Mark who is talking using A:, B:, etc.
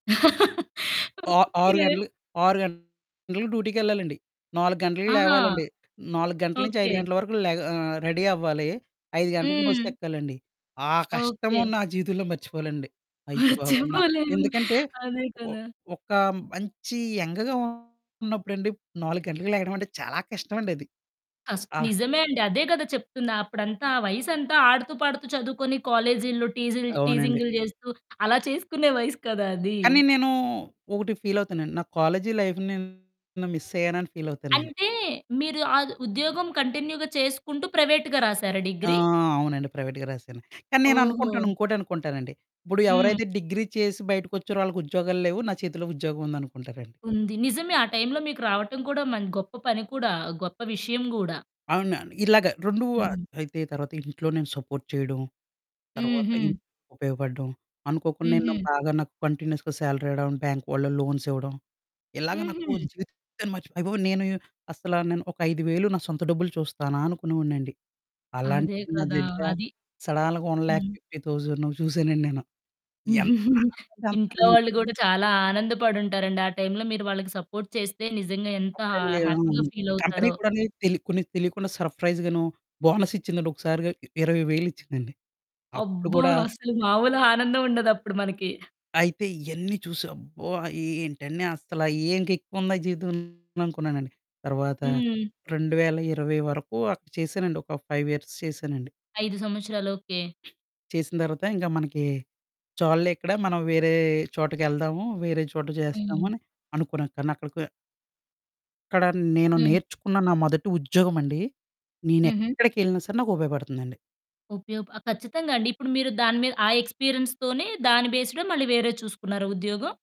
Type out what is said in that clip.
A: ఆ
B: ఓకే.
A: ఆరు గంటలు 6 గంటల‌కి డ్యూటీకెళ్ళాలండి. 4 గంటలకి
B: ఆహా!
A: లేవాలండి. 4 గంటల నుంచి, 5
B: ఓకే.
A: గంటల వరకు లేగా ఆహ్, రెడీ అవ్వాలి. 5 గంటలకు
B: హ్మ్.
A: బస్సెక్కాలండి. ఆ
B: ఓకే.
A: కష్టము నా జీవితంలో మర్చిపోలెనండి. అయ్య బాబోయి! న
B: మర్చిపోలేము.
A: ఎందుకంటే,
B: అదే
A: ఒ
B: కదా.
A: ఒక మంచి యంగ్‌‌గా ఉన్నప్పుడండి, 4 గంటలకి లేగడం అంటే చాలా కష్టం అండది.
B: అస్
A: ఆహ్
B: నిజమే అండి. అదే కదా చెప్తున్నా అప్పుడంతా ఆ వయసంతా ఆడుతూ, పాడుతూ చదువుకొని కాలేజి‌లో టీజిల్
A: అవునండి.
B: టీజింగ్‌లు చేస్తూ అలా చేసుకునే వయసు కదా అది.
A: కానీ నేను ఒకటి ఫీలవుతానండి, నా కాలేజి లైఫ్‌ని నేను మిస్సయ్యానా అని ఫీలవుతానండి.
B: అంటే, మీరు ఆద్ ఉద్యోగం కంటిన్యూ‌గా చేసుకుంటూ, ప్రైవేట్‌గా రాసారా
A: ఆ!
B: డిగ్రీ?
A: అవునండి. ప్రైవేట్‌గా రాసాను. కానీ నేను అనుకుంటాను
B: ఓహో!
A: ఇంకోటి అనుకుంటానండి. ఇప్పుడు
B: హ్మ్.
A: ఎవరైతే డిగ్రీ చేసి బయటికొచ్చిరో ఆళ్ళకి ఉద్యోగాలు లేవు. నా చేతిలో ఉద్యోగం ఉందనుకుంటారండి.
B: ఉంది. నిజమే ఆ టైంలో మీకు రావటం కూడా, మ గొప్ప పని కూడా గొప్ప విషయం గూడా.
A: అవునండి. ఇలాగ 2 ఆహ్,
B: హ్మ్.
A: అయితే తర్వాత ఇంట్లో నేను సపోర్ట్ చేయడం, తర్వాత ఇన్
B: హుహు.
A: ఉపయోగపడడం, అనుకోకుండా నేను
B: హుహు.
A: బాగా నాకు కంటిన్యూయస్‌గా సాలరీ రావడం, బ్యాంక్ వాళ్ళు లోన్స్ ఇవ్వడం, ఇలాగ నాకు
B: హుహు.
A: జీవితాన్ని మర్చిపో అయ్య బాబోయి! నేను అసల నేను ఒక 5,000 నా సొంత డబ్బులు చూస్తానా అనుకునేవాడినండి.
B: అదే
A: అలాంటిది నా
B: కదా!
A: దగ్గర
B: అది.
A: సడాల్‌గ వన్ ల్యాక్
B: హ్మ్.
A: ఫిఫ్టీ థౌజన్ చూసానండి నేను. ఎంత కావాలంటే
B: ఇంట్లో
A: అంత్
B: వాళ్ళు కూడా చాలా ఆనందపడి ఉంటారండి. ఆ టైంలో మీరు వాళ్ళకి సపోర్ట్ చేస్తే నిజంగా ఎంత హ
A: అప్పుడండి ఆ!
B: హ్యాపీగా
A: అవును. కంపెనీ
B: ఫీలవుతారో.
A: కూడానీ తెల్ కొన్ని తెలియకుండా సర్ప్రైజ్ గాను, బోనస్సిచ్చిందండి ఒకసారిగా 20,000 ఇచ్చిందండి. అప్పుడు
B: అబ్బా!
A: కూడా
B: అసలు మాములుగా ఆనందం ఉండదు అప్పుడు మనకి.
A: అయితే, ఇయన్నీ చూసి అబ్బో! ఆహ్, ఇ ఏంటండి అసలు ఏం ఎక్కువ ఉందా జీవితం అనుకున్నానండి. తర్వాత
B: హ్మ్.
A: 2020 వరకు అక్కడ చేశానండి ఒక 5 ఇయర్స్ చేశానండి.
B: 5 సంవత్సరాలు. ఓకే.
A: చేసిన తర్వాత, ఇంకా మనకి చాలులే ఇక్కడ, మనం వేరే చోటకి ఎళ్దాము, వేరే చోట చేస్తాము
B: హ్మ్.
A: అని అనుకున్నా కానీ, అక్కడికె ఇక్కడ నేను
B: హ్మ్.
A: నేర్చుకున్న నా మొదటి ఉద్యోగం అండి. నేను
B: హుహు.
A: ఎక్కడికెళ్ళినా సరే, నాకు ఉపయోగపడుతుందండి.
B: ఉపయోప ఆ! ఖచ్చితంగా అండి. ఇప్పుడు మీరు దాని మీద ఆ ఎక్స్‌పీరియన్స్ తోనే, దాని బేస్డే మళ్ళీ వేరేది చూసుకున్నారా ఉద్యోగం?